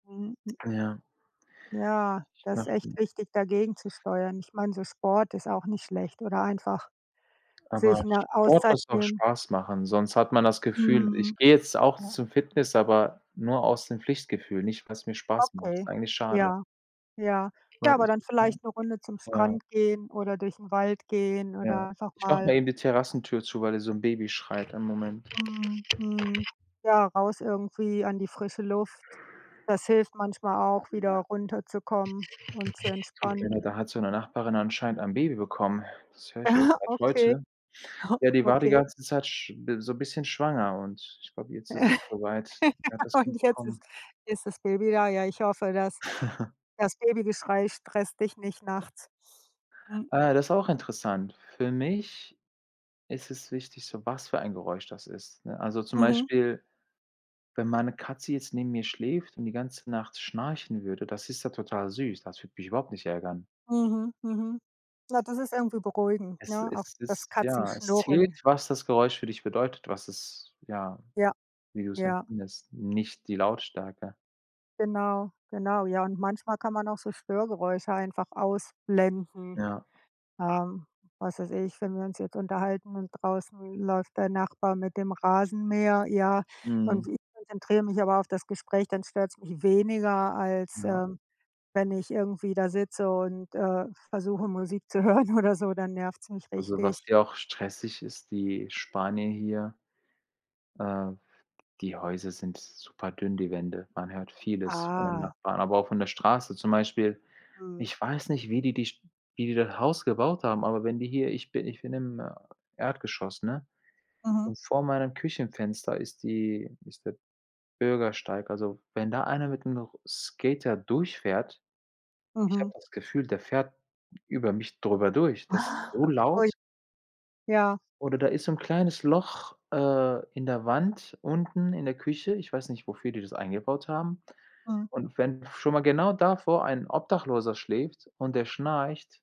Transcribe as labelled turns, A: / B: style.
A: Mhm. Hm.
B: Ja.
A: Ja,
B: Ich
A: da ist
B: mache nur
A: echt wichtig, dagegenzusteuern. Ich meine, so Sport ist auch nicht schlecht oder einfach
B: Aber
A: sich 'ne
B: Sport
A: Auszeit
B: muss auch
A: nehmen.
B: Spaß machen, sonst hat man das Gefühl
A: Mhm.
B: ich gehe jetzt auch zum Fitness, aber nur aus dem Pflichtgefühl, nicht weil's mir Spaß macht.
A: Okay.
B: Ist eigentlich schade.
A: Ja, ja. Ja,
B: Warte
A: aber
B: ich,
A: dann
B: ich muss
A: vielleicht 'ne Runde zum
B: ma ja.
A: Strand gehen oder durch 'n Wald gehen
B: Ja.
A: oder einfach
B: Ich mache
A: mal
B: mal eben die Terrassentür zu, weil da so 'n Baby schreit. Einen Moment.
A: Mhm, mhm. Ja, raus irgendwie an die frische Luft, das hilft manchmal auch,
B: Vielen
A: wieder
B: Dank.
A: runterzukommen und zu entspannen.
B: [unintelligible] da hat so 'ne Nachbarin anscheinend ein Baby bekommen. Das höre ich erst seit
A: Okay.
B: heute. Ja, die war die
A: Okay.
B: ganze Zeit sch bi so 'n bisschen schwanger und ich glaube, jetzt ist es so weit. Sie hat das Kind
A: Und jetzt
B: bekommen.
A: ist ist das Baby da. Ja, ich hoffe, das das Babygeschrei stresst dich nicht nachts. Mhm.
B: Äh, das ist auch interessant. Für mich ist es wichtig, so was für ein Geräusch das ist, ne? Also zum
A: Mhm.
B: Beispiel, wenn meine Katze jetzt neben mir schläft und die ganze Nacht schnarchen würde, das ist ja total süß. Das würde mich überhaupt nicht ärgern.
A: Mhm, mhm. Ja, das ist irgendwie beruhigend,
B: Es
A: ne, auch
B: es
A: das
B: ist ja, es zählt,
A: Katzenschnurren.
B: was das Geräusch für dich bedeutet, was es ja,
A: Ja,
B: wie du's
A: ja.
B: empfindest, nicht die Lautstärke.
A: Genau, genau. Ja, und manchmal kann man auch so Störgeräusche einfach ausblenden.
B: Ja.
A: Ähm, was weiß ich, wenn wir uns jetzt unterhalten und draußen läuft der Nachbar mit dem Rasenmäher, ja, und
B: Mhm.
A: ich konzentriere mich aber auf das Gespräch, dann stört's mich weniger als,
B: Ja.
A: ähm, wenn ich irgendwie da sitze und, äh, versuche, Musik zu hören oder so, dann nervt's mich
B: Also, was
A: richtig.
B: hier auch stressig ist die Spanier hier äh, die Häuser sind super dünn, die Wände. Man hört vieles von den
A: Ah.
B: Nachbarn, aber auch von der Straße. Zum Beispiel,
A: Mhm.
B: ich weiß nicht, wie die die St wie die das Haus gebaut haben, aber wenn die hier ich bi ich bin im, äh, Erdgeschoss, ne,
A: Mhm.
B: und vor meinem Küchenfenster ist die ist der Bürgersteig. Also, wenn da einer mit 'nem Ro Skater durchfährt ich habe
A: Mhm.
B: das Gefühl, der fährt über mich drüber durch. Das ist so
A: Ui.
B: laut.
A: Ja.
B: Oder da ist so 'n kleines Loch, äh, in der Wand unten in der Küche. Ich weiß nicht, wofür die das eingebaut haben,
A: Mhm.
B: und wenn schon mal genau davor ein Obdachloser schläft und der schnarcht